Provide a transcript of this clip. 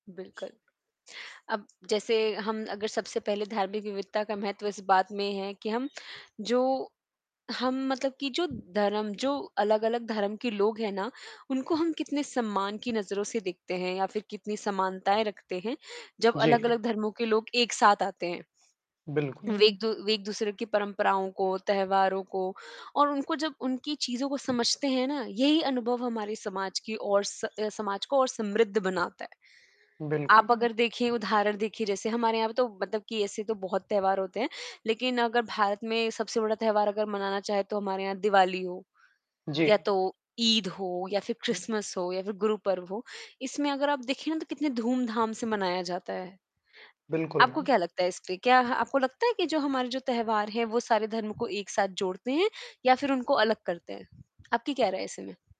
बिल्कुल, अब जैसे हम अगर सबसे पहले धार्मिक विविधता का महत्व इस बात में है कि हम जो हम मतलब कि जो धर्म जो अलग-अलग धर्म के लोग हैं ना, उनको हम कितने सम्मान की नज़रों से देखते हैं, या फिर कितनी समानताएँ रखते हैं, जब जी। अलग-अलग धर्मों के लोग एक साथ आते हैं। वे बिल्कुल। एक दू वे एक-दूसरे की परंपराओं को, त्योहारों को और उनको जब उनकी चीज़ों को समझते हैं ना, यही अनुभव हमारे समाज की और स अ, समाज को और समृद्ध बनाता है। बिल्कुल, आप उ अगर देखिए, उदाहरण देखिए, जैसे हमारे यहाँ पे तो, मतलब कि ऐसे तो बहुत त्योहार होते हैं, लेकिन अगर भारत में सबसे बड़ा त्योहार अगर मनाना चाहें, तो हमारे यहाँ दिवाली हो, या जी। तो ईद हो, या फिर हुँ। क्रिसमस हो, या फिर गुरु पर्व हो। इसमें अगर आप देखें ना, तो कितने धूम-धाम से मनाया जाता है। बिल्कुल आपको मैम। क्या लगता है इस पे? क्या ह आपको लगता है कि जो हमारे जो त्योहार हैं, वो सारे धर्म को एक साथ जोड़ते हैं, या फिर उनको अलग करते हैं? आपकी क्या राय है ऐसे में?